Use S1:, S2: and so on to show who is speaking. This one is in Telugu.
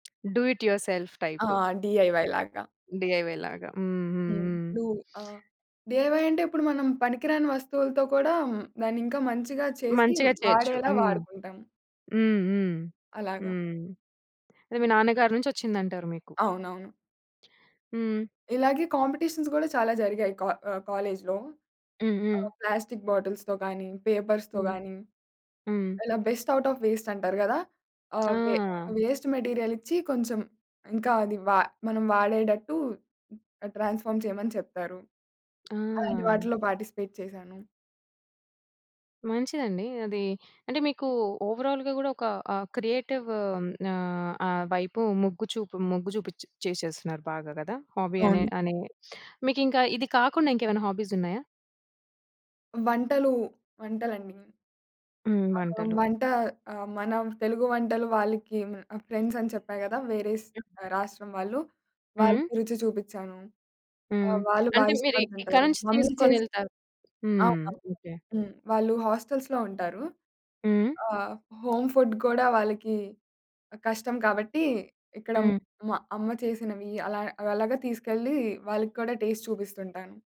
S1: డూ ఇట్ యువర్ సెల్ఫ్
S2: ఆ!
S1: టైప్.
S2: డిఐవై లాగా.
S1: డిఐవై లాగా. హ్మ్ హ్మ్
S2: హ్మ్.
S1: హ్మ్.
S2: ఇప్పుడు ఆహ్, డిఐవై అంటే ఇప్పుడు మనం పనికిరాని వస్తువులతో కూడా హ్మ్. దాన్ని ఇంకా మంచిగా చేసి
S1: మంచిగా చేయొచ్చు.
S2: వాడేలా
S1: హ్మ్.
S2: వాడుకుంటాం.
S1: హ్మ్, హ్మ్.
S2: అలాగ.
S1: హ్మ్. అదె మీ నాన్నగారి నుంచొచ్చిందంటారు మీకు.
S2: అవునవును.
S1: హ్మ్.
S2: ఇలాగే కాంపిటీషన్స్ గూడా చాలా జరిగాయి కా ఆహ్, కాలేజ్‌లో.
S1: హ్మ్, హ్మ్.
S2: ఆహ్, ప్లాస్టిక్ బాటిల్స్‌తో గాని, పేపర్స్‌తో
S1: హ్మ్,
S2: గాని,
S1: హ్మ్.
S2: ఇలా బెస్ట్ ఔట్ ఆఫ్ వేస్ట్ అంటారు గదా! ఆహ్, వె
S1: ఆ!
S2: వేస్ట్ మెటీరియల్ ఇచ్చి కొంచెం ఇంకా అది వా మనం వాడేడట్టు ఆహ్, ట్రాన్స్ఫార్మ్ చేయమని చెప్పారు. అలాంటి
S1: ఆ!
S2: వాటిలో పార్టిసిపేట్ చేశాను.
S1: మంచిదండి. అది అంటే మీకు ఓవరాల్‌గ గుడ ఒక ఆహ్, క్రియేటివ్ ఆహ్, ఆ వైపు మొగ్గు చూపు మొగ్గు జూపిచ్చి చేసేస్తున్నారు బాగా కద? హాబీ అనె
S2: అవును.
S1: అనే మీకింకా ఇది కాకుండా ఇంకేమైనా హాబీస్ ఉన్నాయా?
S2: వంటలు, వంటలండి.
S1: హ్మ్.
S2: ఆహ్,
S1: వంటలు.
S2: వంట ఆహ్, మన తెలుగు వంటలు వాళ్ళకి ఆహ్, ఫ్రెండ్స్ అని చెప్పా గదా, వేరే స్ ఆహ్, రాష్ట్రం వాళ్ళు?
S1: హ్మ్.
S2: వాళ్ళకి రుచి చూపిచ్చాను.
S1: హ్మ్.
S2: ఆహ్, వాళ్ళు
S1: అంటే
S2: బాగా
S1: మీరిక్ ఇక్కడ
S2: ఇష్టపడుతుంటారు.
S1: నుంచి
S2: మమ్మీ చేసి
S1: తీసుకొనెళ్తారు? హ్మ్,
S2: అవును.
S1: ఓకె.
S2: హ్మ్. వాళ్ళు హోస్టెల్స్‌లో ఉంటారు.
S1: హ్మ్.
S2: ఆహ్, హోమ్ ఫుడ్ గూడా వాళ్ళకి ఆహ్, కష్టం కాబట్టి ఇక్కడ
S1: హ్మ్.
S2: మా అమ్మ. చేసినవి అలా అలాగా తీసుకెళ్ళి వాళ్ళకి కూడా టేస్ట్ చూపిస్తుంటాను.